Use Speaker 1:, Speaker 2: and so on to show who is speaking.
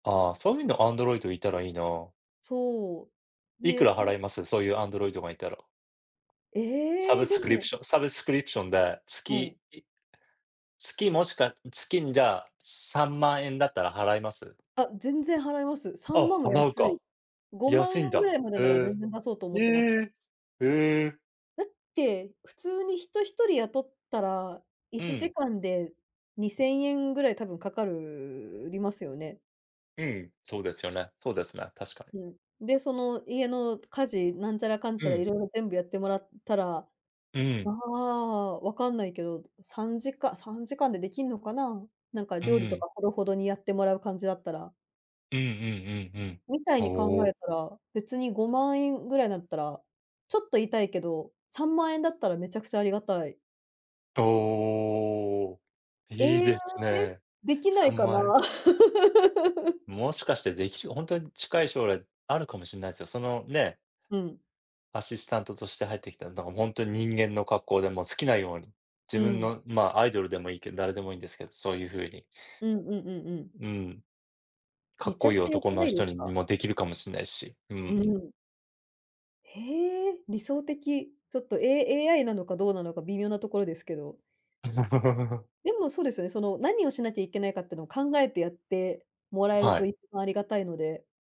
Speaker 1: ああ、そういうのアンドロイドいたらいいな。
Speaker 2: そう、
Speaker 1: いく
Speaker 2: で、
Speaker 1: ら
Speaker 2: そ
Speaker 1: 払
Speaker 2: れ
Speaker 1: います？そういうアンドロイドがいたら。サブ
Speaker 2: え、で
Speaker 1: スクリプ
Speaker 2: も
Speaker 1: ションサブスクリプションで、
Speaker 2: うん。
Speaker 1: 月、い月もしくは月にじゃあ、3万円だったら払います？
Speaker 2: あ、全然払います。さ
Speaker 1: あ、
Speaker 2: んまんは
Speaker 1: 払う
Speaker 2: 安い。
Speaker 1: か。
Speaker 2: ごまんえ
Speaker 1: 安
Speaker 2: ん
Speaker 1: いん
Speaker 2: ぐ
Speaker 1: だ。
Speaker 2: らいまで
Speaker 1: へ
Speaker 2: なら
Speaker 1: え、
Speaker 2: 全然出そうと思っ
Speaker 1: え
Speaker 2: てまった。
Speaker 1: え、へえ。
Speaker 2: だって、普通に人1人雇ったら
Speaker 1: う
Speaker 2: いち
Speaker 1: ん。
Speaker 2: じかんで2000円ぐらい多分かかるりますよね？
Speaker 1: うん、そうですよね、そうですね、確かに。
Speaker 2: うん、で、その家の家事なんちゃらかん
Speaker 1: う
Speaker 2: ちゃら
Speaker 1: ん。
Speaker 2: 色々全部やってもらったら、
Speaker 1: う
Speaker 2: あ
Speaker 1: ん。
Speaker 2: あ、わかんないけど、さんじか3時間でできんのかな？なんか
Speaker 1: う
Speaker 2: 料理と
Speaker 1: ん。
Speaker 2: かほどほどにやってもらう感じだったら。
Speaker 1: うんうんうんうん。
Speaker 2: みたいに考
Speaker 1: ほお。
Speaker 2: えたら、別に50000円ぐらいだったら、ちょっと痛いけど、30000円だったらめちゃくちゃありがたい。
Speaker 1: と、おお、いい
Speaker 2: ええ、
Speaker 1: ですね。
Speaker 2: できな
Speaker 1: さ
Speaker 2: い
Speaker 1: ん
Speaker 2: か
Speaker 1: ま
Speaker 2: な？
Speaker 1: んえん？もしかしてできしほんとに近い将来あるかもしんないすよ。その、ね
Speaker 2: うん。
Speaker 1: アシスタントとして入ってきたら、だからほんとに人間の格好でもう好きなように、
Speaker 2: う
Speaker 1: 自分
Speaker 2: ん。
Speaker 1: の、まあ、アイドルでもいいけん、誰でもいいんですけど、そういう風に。
Speaker 2: うんうんうんうん。
Speaker 1: うん。か
Speaker 2: め
Speaker 1: っ
Speaker 2: ち
Speaker 1: こ
Speaker 2: ゃ
Speaker 1: い
Speaker 2: く
Speaker 1: い
Speaker 2: ちゃ良
Speaker 1: 男
Speaker 2: くな
Speaker 1: の
Speaker 2: いで
Speaker 1: 人
Speaker 2: す
Speaker 1: に
Speaker 2: か？
Speaker 1: もできるかもしんないし。う
Speaker 2: う
Speaker 1: ん。
Speaker 2: ん。へえ、理想的。ちょっと、A AI なのかどうなのか微妙なところですけど。でもそうですよね、その何をしなきゃいけないかってのを考えてやってもら
Speaker 1: ん、
Speaker 2: える
Speaker 1: は
Speaker 2: と
Speaker 1: い。
Speaker 2: いつもありがたいので